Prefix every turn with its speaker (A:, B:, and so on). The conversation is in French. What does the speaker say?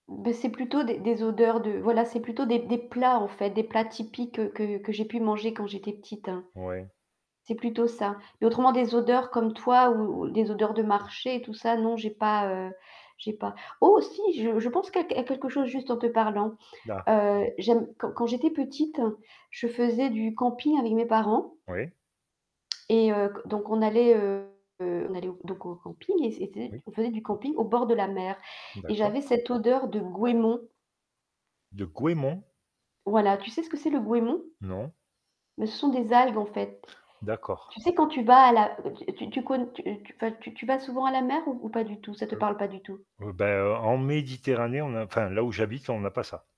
A: Bah, c'est plutôt des des odeurs de voilà, c'est plutôt des des plats en fait, des plats typiques que que j'ai pu manger quand j'étais petite.
B: Ouais.
A: C'est plutôt ça. Mais autrement des odeurs comme toi ou des odeurs de marché et tout ça, non j'ai pas, heu, j'ai pas oh si je je pense que à quelque chose juste en te parlant.
B: Là.
A: Heu, j'aime quand quand j'étais petite, je faisais du camping avec mes parents
B: Ouais.
A: et heu, c donc on allait, heu, on allait au donc au camping et
B: Oui.
A: [unintelligible] on faisait du camping au bord de la mer et
B: D'accord.
A: j'avais cette odeur de goémon.
B: De goémon?
A: Voilà, tu sais ce que c'est le goémon?
B: Non.
A: Beh, ce sont des algues en fait.
B: D'accord.
A: Tu sais, quand tu vas à la tu tu conn tu, heu, tu tu vas souvent à la mer ou ou pas du tout? Ça te
B: [unintelligible]
A: parle pas du tout?
B: Heu bah, en Méditerranée, on a enfin là où j'habite, on a pas ça.